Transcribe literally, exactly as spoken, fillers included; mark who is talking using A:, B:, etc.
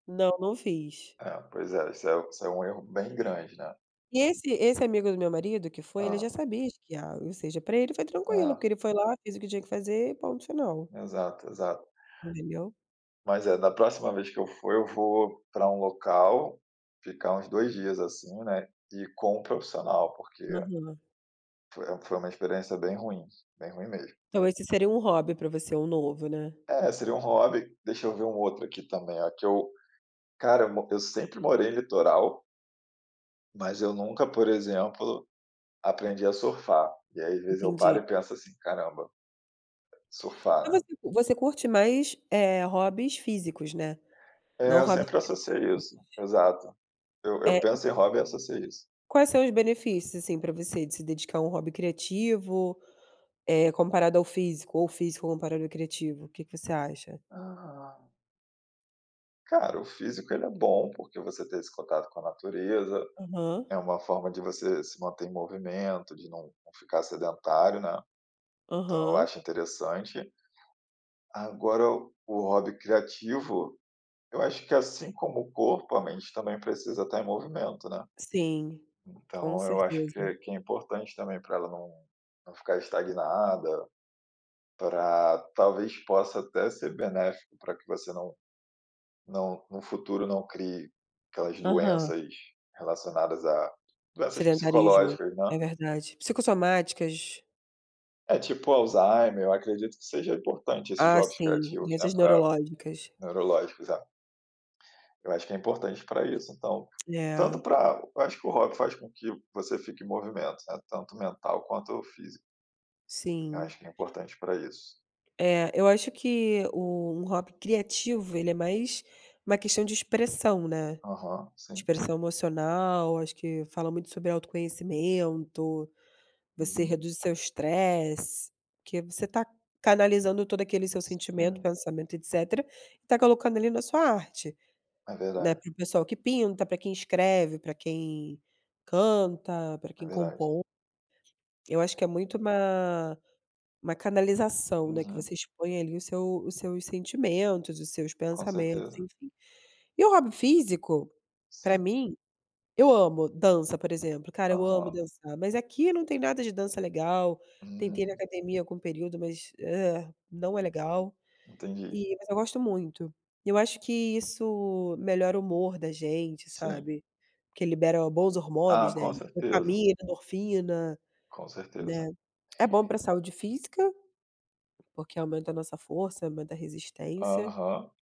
A: Não, não fiz.
B: É, pois é. Isso é isso é um erro bem grande, né.
A: E esse esse amigo do meu marido que foi ele já
B: Hã.
A: sabia esquiar. Ou seja para ele foi tranquilo,
B: Hã.
A: porque ele foi lá, fez o que tinha que fazer e ponto final.
B: Exato, exato.
A: [unintelligible]
B: Mas, é, da próxima vez que eu for, eu vou para um local ficar uns dois dias assim, né, e com um profissional, porque
A: Aham.
B: foi foi uma experiência bem ruim, bem ruim mesmo.
A: Então esse seria um hobby para você? Um novo, né?
B: É, seria um hobby. Deixa eu ver um outro aqui também, ó, que eu cara, eu mo eu sempre morei em litoral mas eu nunca, por exemplo, aprendi a surfar. E aí, às vezes, eu paro
A: Entendi.
B: e penso assim: "Caramba"
A: Então,
B: "surfar, né".
A: você você curte mais, eh, hobbies físicos, né,
B: É,
A: não
B: eu
A: hobbies
B: sempre associei
A: criativos?
B: isso. Exato. Eu
A: É,
B: eu
A: e
B: penso em hobby e associo a isso.
A: Quais são os benefícios assim para você de se dedicar a um hobby criativo, eh, comparado ao físico ou físico comparado ao criativo? O que que você acha?
B: Aham. Cara, o físico, ele é bom, porque você ter esse contato com a natureza,
A: Aham.
B: é uma forma de você se manter em movimento, de não não ficar sedentário, né. Então eu
A: Aham.
B: acho interessante. Agora, o hobby criativo, eu acho que, assim como o corpo, a mente também precisa tá em movimento, né.
A: Sim, com
B: Então eu acho
A: certeza.
B: que que é importante também pra ela não não ficar estagnada. Pra, talvez, possa até ser benéfico pra que você não não, no futuro, não crie aquelas
A: Aham.
B: doenças relacionadas a doenças
A: Sedentarismo,
B: psicológicas, né.
A: é verdade. Psicossomáticas.
B: É, tipo o Alzheimer. Eu acredito que seja importante esses
A: Ah,
B: jogos
A: sim,
B: criativos, né,
A: doenças
B: para
A: neurológicas.
B: neurológicos, é. Eu acho que é importante para isso então. Tanto
A: É.
B: para eu acho que o hobby faz com que você fique em movimento, né, tanto mental quanto físico. Eu
A: Sim.
B: acho que é importante para isso.
A: É, eu acho que o um hobby criativo, ele é mais uma questão de expressão, né.
B: Aham, sim.
A: Expressão emocional. Acho que fala muito sobre autoconhecimento. Você
B: Uhum.
A: reduz o seu estresse, porque você tá canalizando todo aquele seu sentimento,
B: Sim.
A: pensamento e etcétera, e tá colocando ali na sua arte,
B: É
A: né.
B: verdade.
A: Para o pessoal que pinta, pra quem escreve, pra quem canta, pra
B: É
A: quem
B: verdade.
A: compõe. Eu acho que é muito uma uma canalização, né, que
B: Uhum.
A: você expõe ali o seu os seus sentimentos, os seus
B: Com
A: pensamentos,
B: certeza.
A: enfim. E o hobby físico, pra
B: Sim.
A: mim eu amo dança, por exemplo. Cara, eu amo
B: Aham.
A: dançar. Mas aqui não tem nada de dança legal. Tentei ir na
B: Hum.
A: academia algum período, mas, não é legal
B: Entendi.
A: e mas eu gosto muito. E eu acho que isso melhora o humor da gente,
B: Sim.
A: sabe. Porque libera bons
B: Ah,
A: hormônios, né.
B: com certeza.
A: Dopamina, endorfina,
B: Com
A: né.
B: certeza.
A: É bom pra saúde física, porque aumenta a nossa força, aumenta a resistência.
B: Aham.